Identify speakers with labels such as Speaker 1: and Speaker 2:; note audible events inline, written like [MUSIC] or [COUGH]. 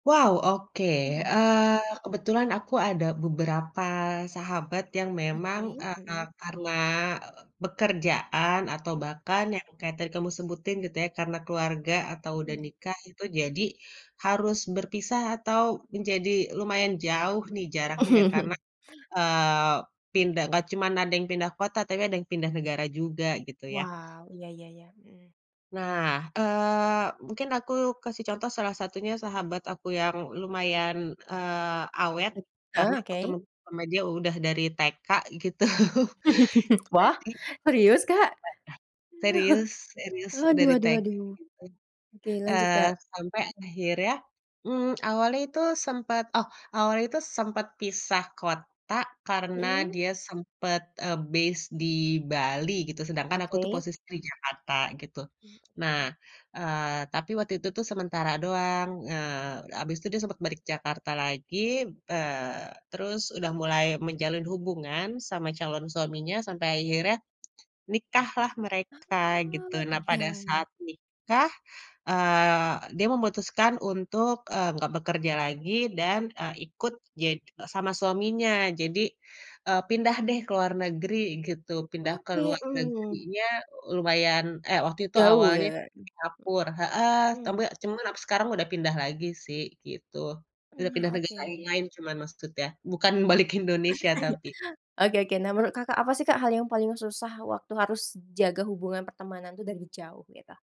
Speaker 1: Wow oke,
Speaker 2: Mhm.
Speaker 1: eee, kebetulan aku ada beberapa sahabat yang memang,
Speaker 2: Oke,
Speaker 1: eee, ka
Speaker 2: mhm.
Speaker 1: karena, pekerjaan atau bahkan yang kayak tadi kamu sebutin gitu ya karena keluarga atau udah
Speaker 2: Mhm.
Speaker 1: nikah itu jadi, harus berpisah atau menjadi lumayan jauh nih jaraknya ya karena,
Speaker 2: [CHUCKLES]
Speaker 1: eee, pindah nggak cuman ada yang pindah kota tapi ada yang pindah negara juga gitu ya.
Speaker 2: Wow iya iya iya, mhm.
Speaker 1: Nah, eee, mungkin aku kasih contoh salah satunya sahabat aku yang lumayan, eee, awet,
Speaker 2: Bet heeh,
Speaker 1: karena
Speaker 2: oke.
Speaker 1: ketemu sama dia udah dari TK gitu
Speaker 2: [LAUGHS] Wah
Speaker 1: jadi
Speaker 2: serius, Kak?
Speaker 1: Heeh, serius
Speaker 2: [CHUCKLES]
Speaker 1: serius
Speaker 2: Aduh
Speaker 1: dari
Speaker 2: aduh
Speaker 1: TK
Speaker 2: aduh,
Speaker 1: gitu,
Speaker 2: oke lanjut,
Speaker 1: eee,
Speaker 2: Kak.
Speaker 1: sampai akhirnya, mmm, awalnya itu sempet oh awalnya itu sempet pisah kota karena
Speaker 2: Mhm.
Speaker 1: dia sempet, eee, base di Bali gitu sedangkan aku tuh
Speaker 2: Oke.
Speaker 1: posisi di Jakarta gitu, nah, eee, tapi waktu itu tuh sementara doang, eee, habis itu dia sempet balik Jakarta lagi, eee, terus udah mulai menjalin hubungan sama calon suaminya sampai akhirnya, nikahlah mereka gitu
Speaker 2: Oh
Speaker 1: nah pada
Speaker 2: iya.
Speaker 1: saat nikah, eee, dia memutuskan untuk, eee, nggak bekerja lagi dan, eee, ikut ja sama suaminya jadi, eee, pindah deh ke luar negeri gitu pindah ke
Speaker 2: Oke,
Speaker 1: luar
Speaker 2: mhm.
Speaker 1: negerinya lumayan, eh, waktu itu
Speaker 2: Jauh
Speaker 1: awalnya
Speaker 2: ya.
Speaker 1: Singapura, heeh, tapi
Speaker 2: Mmm.
Speaker 1: cuma aku sekarang udah pindah lagi sih gitu, udah pindah
Speaker 2: Nah
Speaker 1: negara yang
Speaker 2: oke.
Speaker 1: lain-lain cuma maksudnya bukan balik ke Indonesia tapi.
Speaker 2: [CHUCKLES] Oke oke nah menurut Kakak apa sih Kak hal yang paling susah waktu harus jaga hubungan pertemanan itu dari jauh gitu?